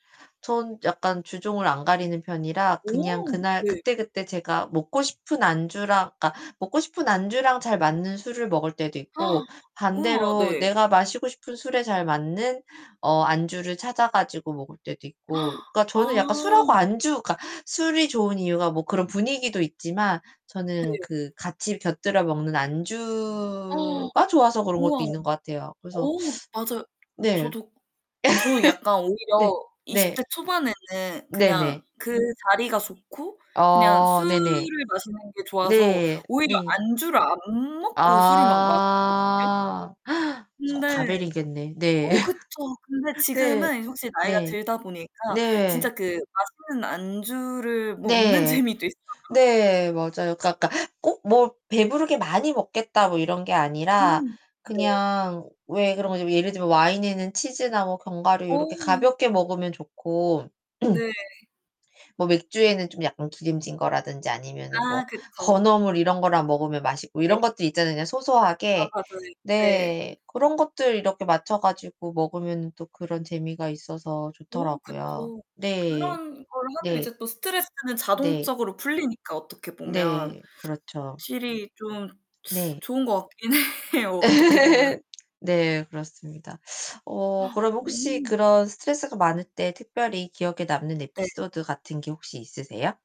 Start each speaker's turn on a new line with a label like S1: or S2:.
S1: 전 약간 주종을 안 가리는 편이라 그냥
S2: 오
S1: 그날
S2: 네.
S1: 그때그때 제가 먹고 싶은 안주랑 그러니까 먹고 싶은 안주랑 잘 맞는 술을 먹을 때도 있고
S2: 우와
S1: 반대로
S2: 네.
S1: 내가 마시고 싶은 술에 잘 맞는 어 안주를 찾아 가지고 먹을 때도 있고. 그러니까 저는 약간 술하고
S2: 아.
S1: 안주 그러니까 술이 좋은 이유가 뭐 그런 분위기도 있지만 저는
S2: 네.
S1: 그 같이 곁들여 먹는 안주가 좋아서 그런 것도
S2: 우와.
S1: 있는 것 같아요. 그래서
S2: 어 맞아요.
S1: 네.
S2: 저도 저는 약간
S1: 네.
S2: 오히려 20
S1: 네.
S2: 대 초반에는
S1: 네 네.
S2: 그냥 그 자리가 좋고 그냥
S1: 어,
S2: 술을
S1: 네네.
S2: 마시는 게 좋아서
S1: 네.
S2: 오히려
S1: 네.
S2: 안주를 안 먹고 술을 막 마셨거든요.
S1: 아 속
S2: 근데
S1: 다 버리겠네. 네.
S2: 어 그쵸. 근데
S1: 네.
S2: 지금은 확실히 나이가
S1: 네.
S2: 들다 보니까 진짜
S1: 네.
S2: 그 맛있는 안주를 먹는
S1: 네.
S2: 재미도 있어요.
S1: 네. 맞아요. 그러니까 약간 꼭 뭐 '배부르게 많이 먹겠다.' 뭐 이런 게 아니라
S2: 음 네.
S1: 그냥 왜 그런 거지 예를 들면 와인에는 치즈나 뭐 견과류 이렇게
S2: 어.
S1: 가볍게 먹으면 좋고
S2: 네.
S1: 뭐 맥주에는 좀 약간 기름진 거라든지 아니면은 뭐
S2: 아 그쵸.
S1: 건어물 이런 거랑 먹으면 맛있고
S2: 네.
S1: 이런 것들 있잖아요. 그냥
S2: 아
S1: 소소하게
S2: 맞아요. 이 네.
S1: 네. 고런 것들 이렇게 맞춰 가지고 먹으면은 또 그런 재미가 있어서
S2: 어
S1: 좋더라고요.
S2: 그쵸.
S1: 네.
S2: 그런 걸 하면
S1: 네.
S2: 이제 또 스트레스는
S1: 네.
S2: 자동적으로 풀리니까 어떻게 보면.
S1: 네. 그렇죠.
S2: 확실히 좀
S1: 네.
S2: 좋은 것 같긴 해요, 어떻게 보면.
S1: 네, 그렇습니다. 어 그럼 혹시
S2: 어.
S1: 그런 스트레스가 많을 때 특별히 기억에 남는
S2: 네.
S1: 에피소드 같은 게 혹시 있으세요?